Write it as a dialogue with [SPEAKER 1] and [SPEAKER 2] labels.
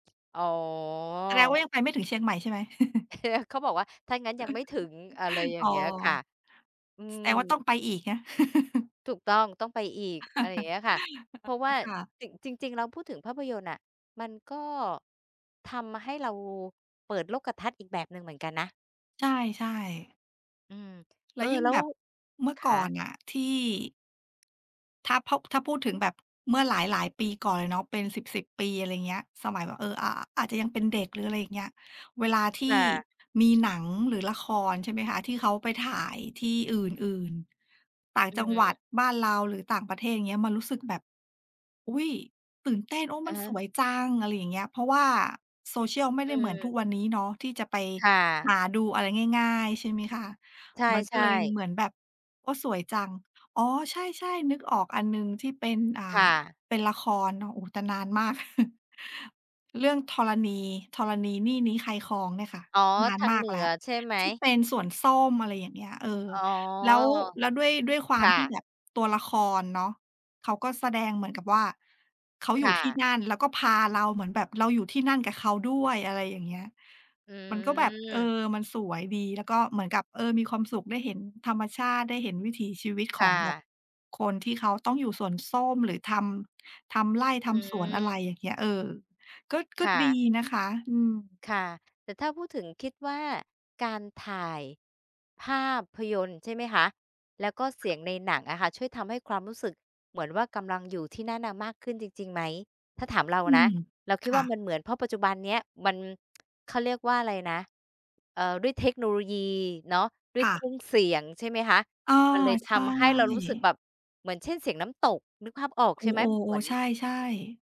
[SPEAKER 1] อ๋
[SPEAKER 2] แสดงว่
[SPEAKER 1] อ
[SPEAKER 2] ายังไปไม่ถึงเชียงใหม่ใช่ไหม?
[SPEAKER 1] เขาบอกว่าถ้างั้นยังไม่ถึง อะไรอย่
[SPEAKER 2] อ
[SPEAKER 1] า
[SPEAKER 2] ๋อ
[SPEAKER 1] งเงี้ยค่ะ อื
[SPEAKER 2] แสดง
[SPEAKER 1] อ
[SPEAKER 2] ว่าต้องไปอีกนะ?
[SPEAKER 1] ถูกต้อง ต้องไปอีก อะไรอย่างเงี้ยค่ะ เพราะว
[SPEAKER 2] อ
[SPEAKER 1] ่
[SPEAKER 2] ๋อ
[SPEAKER 1] า
[SPEAKER 2] ค่ะ
[SPEAKER 1] จริง จริง ๆ แล้วพูดถึงภาพยนตร์น่ะ มันก็ทำให้เราเปิดโลกทัศน์อีกแบบหนึ่งเหมือนกันนะ
[SPEAKER 2] ใช่ ๆ
[SPEAKER 1] อืม
[SPEAKER 2] แล
[SPEAKER 1] เอ
[SPEAKER 2] ้ว
[SPEAKER 1] อ
[SPEAKER 2] ยิ่ง
[SPEAKER 1] แล้
[SPEAKER 2] แบ
[SPEAKER 1] ว
[SPEAKER 2] บ เมื่อ
[SPEAKER 1] ค
[SPEAKER 2] ก่อน
[SPEAKER 1] ะ
[SPEAKER 2] น่ะที่ ถ้า พ ถ้าพูดถึงแบบเมื่อหลาย ๆ ปีก่อนเลยเนาะ เป็นสิบ ๆ ปี อะไรเงี้ย สมัยแบบ เอ่อ อ่า อาจจะยังเป็นเด็ก หรืออะไรอย่างเงี้ย เวลาท
[SPEAKER 1] ค
[SPEAKER 2] ี่
[SPEAKER 1] ่ะ
[SPEAKER 2] มีหนังหรือละคร ใช่ไหมคะ? ที่เขาไปถ่ายที่อื่น ๆ ต่าง
[SPEAKER 1] อื
[SPEAKER 2] จังหวั
[SPEAKER 1] ม
[SPEAKER 2] ดบ้านเรา หรือต่างประเทศ อย่างเงี้ย มันรู้สึกแบบ อุ๊ย! ตื่นเต้น โอ้
[SPEAKER 1] อ
[SPEAKER 2] มั
[SPEAKER 1] ะ
[SPEAKER 2] น
[SPEAKER 1] ฮ
[SPEAKER 2] ส
[SPEAKER 1] ะ
[SPEAKER 2] วยจัง อะไรอย่างเงี้ย เพราะว่าโซเชียลไม่
[SPEAKER 1] อ
[SPEAKER 2] ได้เหมือนทุก
[SPEAKER 1] ืม
[SPEAKER 2] วันนี้เนาะที่จะไป
[SPEAKER 1] ค่
[SPEAKER 2] ห
[SPEAKER 1] ะ
[SPEAKER 2] าดูอะไรง่าย ๆ ใช่ไหมคะ?
[SPEAKER 1] ใช
[SPEAKER 2] มันก็
[SPEAKER 1] ่
[SPEAKER 2] เลย
[SPEAKER 1] ๆ
[SPEAKER 2] เหมือนแบบ โอ้ สวยจัง อ๋อ ใช่ ๆ นึกออกอันหนึ่งที่เป็น อ่า
[SPEAKER 1] ค่ะ
[SPEAKER 2] เป็นละครเนาะ โอ้ แต่นานมาก เรื่องธรณี ธรณีนี่นี้ใครครองเนี่ยค่ะ
[SPEAKER 1] อ๋อ
[SPEAKER 2] นาน
[SPEAKER 1] ทา
[SPEAKER 2] ม
[SPEAKER 1] ง
[SPEAKER 2] า
[SPEAKER 1] เ
[SPEAKER 2] ก
[SPEAKER 1] หนื
[SPEAKER 2] แล
[SPEAKER 1] อ
[SPEAKER 2] ้ว
[SPEAKER 1] ใช่ไหม?
[SPEAKER 2] ที่เป็นส่วนส้ม อะไรอย่างเงี้ย เออ
[SPEAKER 1] อ๋อ
[SPEAKER 2] แล้ว แล้วด้วย ด้วยคว
[SPEAKER 1] ค
[SPEAKER 2] าม
[SPEAKER 1] ่
[SPEAKER 2] ที่
[SPEAKER 1] ะ
[SPEAKER 2] แบบตัวละครเนาะ เขาก็แสดงเหมือนกับว่า เขาอ
[SPEAKER 1] ค
[SPEAKER 2] ยู่
[SPEAKER 1] ่
[SPEAKER 2] ที่
[SPEAKER 1] ะ
[SPEAKER 2] นั่น แล้วก็พาเราเหมือนแบบ เราอยู่ที่นั่นกับเขาด้วย อะไรอย่างเงี้ย
[SPEAKER 1] อื
[SPEAKER 2] มันก็แบบ เอ
[SPEAKER 1] อ
[SPEAKER 2] อ มันสวยดี แล้วก็เหมือนกับ เออ มีความสุขได้เห็นธรรมชาติ ได้เห็นวิถีชีวิต
[SPEAKER 1] ค
[SPEAKER 2] ขอ
[SPEAKER 1] ่
[SPEAKER 2] งแบบ
[SPEAKER 1] ะ
[SPEAKER 2] คนที่เขาต้องอยู่สวนส้ม หรือทำ ทำไร่ท
[SPEAKER 1] อื
[SPEAKER 2] ำสวน อะไร
[SPEAKER 1] อ
[SPEAKER 2] อย่างเงี้ย เออ ก็ ก็
[SPEAKER 1] ค่
[SPEAKER 2] ด
[SPEAKER 1] ะ
[SPEAKER 2] ีนะคะ อือ
[SPEAKER 1] ค่ะ แต่ถ้าพูดถึง คิดว่าการถ่าย ภาพยนตร์ใช่ไหมคะ? แล้วก็เสียงในหนังอะค่ะ ช่วยทำให้ความรู้สึกเหมือนว่ากำลังอยู่ที่นั่นน่ะมากขึ้นจริง ๆ ไหม? ถ้าถามเรา
[SPEAKER 2] อื
[SPEAKER 1] นะ
[SPEAKER 2] ม
[SPEAKER 1] เราคิ
[SPEAKER 2] ค
[SPEAKER 1] ด
[SPEAKER 2] ่
[SPEAKER 1] ว่า
[SPEAKER 2] ะ
[SPEAKER 1] มันเหมือน เพราะปัจจุบันนี้ มัน เขาเรียกว่าอะไรนะ? เอ่อ ด้วยเทคโนโลยีเนาะ ด้ว
[SPEAKER 2] ค
[SPEAKER 1] ย
[SPEAKER 2] ่
[SPEAKER 1] เค
[SPEAKER 2] ะ
[SPEAKER 1] รื่องเสียง ใช่ไหมคะ?
[SPEAKER 2] เออ
[SPEAKER 1] มันเลย
[SPEAKER 2] ใ
[SPEAKER 1] ท
[SPEAKER 2] ช
[SPEAKER 1] ำให้เรารู้สึก
[SPEAKER 2] ่
[SPEAKER 1] แบบเหมือน เช่น เสียงน้ำตก นึกภาพออก
[SPEAKER 2] โอ
[SPEAKER 1] ใช่ไหม?
[SPEAKER 2] ๆ โ
[SPEAKER 1] เ
[SPEAKER 2] อ
[SPEAKER 1] หมือน
[SPEAKER 2] ใช่ ๆ